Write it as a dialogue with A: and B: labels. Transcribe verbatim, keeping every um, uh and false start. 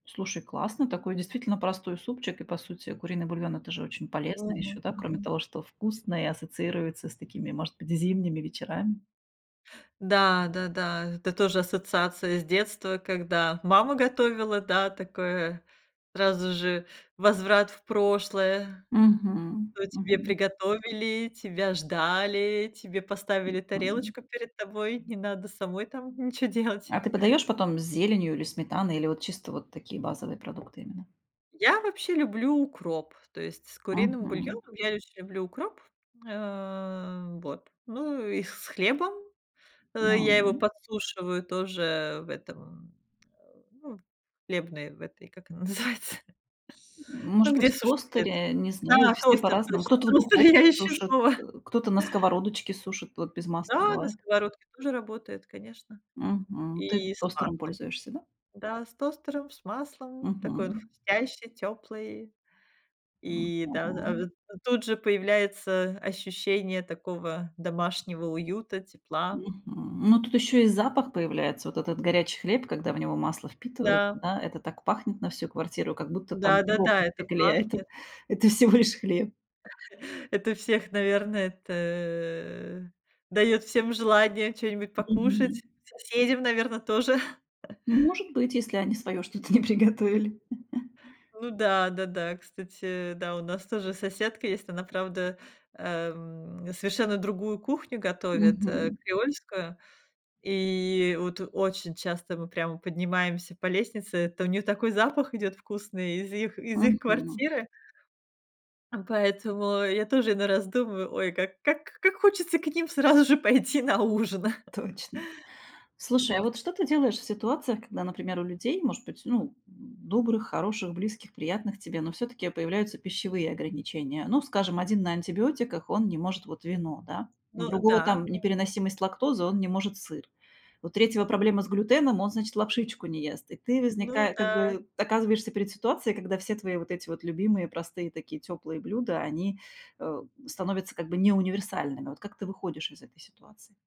A: Слушай, классно, такой действительно простой супчик. И по сути куриный бульон- это же очень полезно
B: Мгм.
A: ещё, да, кроме
B: Мгм.
A: того, что вкусно и ассоциируется с такими, может быть, зимними вечерами.
B: Да да да, это тоже ассоциация с детства, когда мама готовила, да, такое сразу же возврат в прошлое:
A: Мгм.
B: то тебе
A: Мгм.
B: приготовили, тебя ждали, тебе поставили тарелочку перед тобой, не надо самой там ничего делать.
A: А ты подаёшь потом с зеленью или сметаной, или вот чисто вот такие базовые продукты именно?
B: Я вообще люблю укроп, то есть с куриным
A: Мгм.
B: бульоном я еще люблю укроп, э, вот, ну и с хлебом,
A: Да,
B: э, я его
A: м.
B: подсушиваю тоже в этом, м, а, ну, в хлебной, в этой, как она называется?
A: М может
B: Ну,
A: быть,
B: где
A: в
B: сушат хлет.
A: тостере? Не знаю,
B: Да,
A: все
B: тостер,
A: по-разному.
B: точно,
A: Кто-то в
B: тостер,
A: духовке
B: я ищу
A: сушит, э,
B: слово.
A: кто-то на сковородочке сушит. Вот без масла
B: Да, на
A: бывает.
B: сковородке тоже работает, конечно,
A: Мгм. Ты
B: и с
A: тостером
B: маслом.
A: пользуешься, да?
B: Да, с тостером, с маслом, такой он
A: Мгм.
B: хрустящий, тёплый,
A: Ну
B: и да, а,
A: да.
B: а тут же появляется ощущение такого домашнего уюта, тепла.
A: Мгм. Ну, тут ещё и запах появляется. Вот этот горячий хлеб, когда в него масло впитывается,
B: Да.
A: да, это так пахнет на всю квартиру, как будто там.
B: Да да да, это пахнет.
A: [unintelligible] Это всего лишь хлеб.
B: Это всех, наверное, это даёт всем желание чё-нибудь
A: Мгм.
B: покушать. Соседям, наверно, тоже.
A: Ну, может быть, если они своё что-то не приготовили.
B: Ну да, да, да, кстати, да, у нас тоже соседка есть, она, правда, эм, совершенно другую кухню готовит, э,
A: Мгм.
B: креольскую. И вот очень часто мы прямо поднимаемся по лестнице. То у неё такой запах идёт вкусный из их из их
A: Мгм.
B: квартиры. М, поэтому я тоже иной раз думаю: "Ой, как как как хочется к ним сразу же пойти на ужин".
A: Точно. Слушай, а вот что ты делаешь в ситуациях, когда, например, у людей, может быть, ну, м, добрых, хороших, близких, приятных тебе, но всё-таки появляются пищевые ограничения? Ну, скажем, один на антибиотиках, он не может вот вино, да, у
B: Ну
A: другого
B: да,
A: там
B: да.
A: непереносимость лактозы, он не может сыр. У третьего проблема с глютеном, он, значит, лапшичку не ест. И ты
B: Ну
A: возника как
B: да.
A: бы оказываешься перед ситуацией, когда все твои вот эти вот любимые, простые такие тёплые блюда, они, э, становятся как бы не универсальными. Вот как ты выходишь из этой ситуации?